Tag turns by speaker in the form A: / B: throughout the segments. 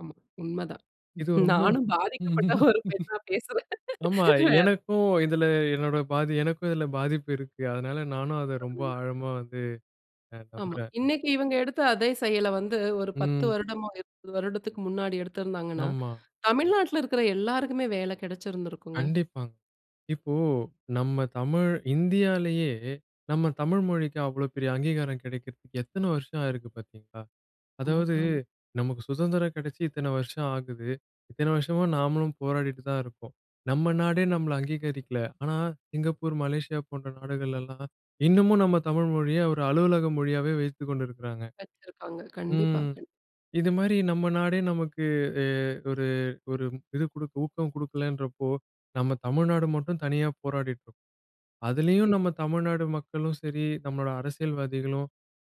A: ஆமா, உண்ம தான்.
B: இது ரொம்பவும்
A: நானும் பாதிக்கப்பட்ட ஒரு பெண்ணா பேசுறேன்.
B: ஆமா,
A: வேற
B: எனக்கும்
A: [unintelligible]
B: இதுல என்னோட பாதி எனக்கு இதுல பாதிப்பு இருக்கு. அதனால நானும் அத ரொம்ப
A: [unintelligible]
B: ஆழமா வந்து அ
A: ஆமா.
B: நம்புறேன்.
A: இன்னைக்கு இவங்க எடுத்த அதே செயல வந்து ஒரு 10
B: ம்.
A: வருடமோ, 20 வருடத்துக்கு முன்னாடி எடுத்திருந்தாங்கன்னா,
B: ஆமா.
A: தமிழ்நாட்ல இருக்கிற எல்லாருக்குமே வேலை கிடைச்சிருந்திருக்குங்க.
B: கண்டிப்பாங்க. இப்போ நம்ம தமிழ் இந்தியாலயே, நம்ம தமிழ் மொழிக்கு அவ்வளோ பெரிய அங்கீகாரம் கிடைக்கிறதுக்கு எத்தன வருஷம் ஆயிருக்கு பார்த்தீங்களா? அதாவது
A: ஆம்.
B: நமக்கு சுதந்திரம் கிடைச்சு இத்தனை வருஷம் ஆகுது. இத்தனை வருஷமா நாமளும் போராடிட்டு தான் இருக்கோம். நம்ம நாடே நம்மள அங்கீகரிக்கல. ஆனா சிங்கப்பூர், மலேசியா போன்ற நாடுகள்லாம் இன்னமும் நம்ம தமிழ் மொழிய ஒரு அலுவலக மொழியாவே வைத்துக்கொண்டிருக்குறாங்க.
A: வச்சிருக்காங்க. கண்டிப்பா
B: ம்
A: கண்டி
B: இது மாதிரி நம்ம நாடே நமக்கு எ ஒரு, ஒரு இது குடுக்க ஊக்கம் குடுக்கலன்றப்போ, நம்ம தமிழ்நாடு மட்டும் தனியா போராடிட்டு இருக்கும். அதுலயும்
A: ம்.
B: நம்ம தமிழ்நாடு மக்களும் சரி, நம்மளோட அரசியல்வாதிகளும்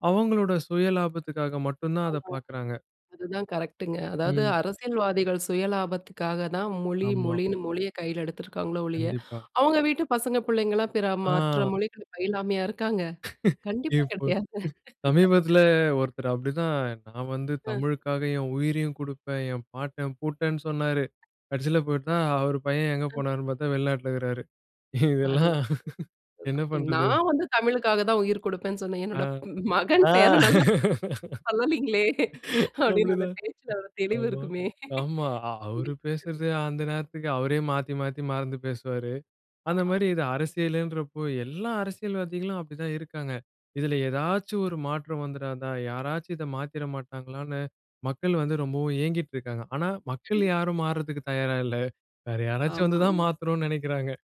B: அவங்களோட சுய லாபத்துக்காக மட்டும் தான் அத
A: ஆமா.
B: பாக்குறாங்க.
A: அதுதான் கரெக்ட்ங்க. அதாவது
B: ம்.
A: அரசியல்வாதிகள் சுயலாபத்துக்காக தான் மொழி
B: ஆமா.
A: மொழின்னு, மொழிய கையில எடுத்திருக்காங்களே ஒழிய,
B: கண்டிப்பா.
A: அவங்க வீட்டு பசங்க பிள்ளைங்கலாம் பிற மாற்ற
B: ஆ.
A: மொழிகள் பயிலாமையா இருக்காங்க? கண்டிப்பா
B: இப்போ
A: கிடையாது.
B: சமீபத்தில ஒருத்தர் அப்படிதான் "நான் வந்து
A: ம்.
B: தமிழுக்காக என் உயிரையும் குடுப்பேன், என் பாட்டன் பூட்டேன்னு" சொன்னாரு. கடைசியில பாத்தா அவர் பையன் எங்க
A: ஆ.
B: போனார்ன்னு பாத்தா, வெளிநாட்டில இருக்கறாரு. இதெல்லாம்
A: அதுதான்
B: என்ன
A: அதுதான்.
B: பண்றது?
A: நான் வந்து தமிழுக்காக தான் உயிர் குடுப்பேன்னு சொன்னேன்.
B: அ.
A: என்னுடைய ப் மகன்
B: ஆ
A: பேரன்னல்லா சொல்லலீங்களே, அப்படின்னு அந்த
B: அப்படிதான்.
A: பேச்சில ஒரு தெளிவு
B: ஆமா
A: இருக்குமே.
B: ஆமா. அ அவரு
A: கண்டிப்பா
B: பேசுறது
A: கண்டிப்பா.
B: அந்த நேரத்துக்கு அவரே மாத்தி, மாத்தி, மறந்து பேசுவாரு. அந்த மாரி
A: ஆமாங்க.
B: இது அரசியல்ன்றப்போ, எல்லா அரசியல்வாதிகளும் அப்படி தான் இருக்காங்க. இதுல ஏதாச்சும் ஒரு மாற்றம் வந்துடாதா? யாராச்சும் இத மாத்திட மாட்டாங்களான்னு, மக்கள் வந்து ரொம்பவும் ஏங்கிட்டு இருக்காங்க. ஆனா மக்கள்
A: கண்டிப்
B: யாரும் மாறுறதுக்கு தயாரா இல்ல. வேற யாராச்சும் வந்து தான்
A: ஆமாமா.
B: மாத்தணும்ன்னு நினைக்கிறாங்க.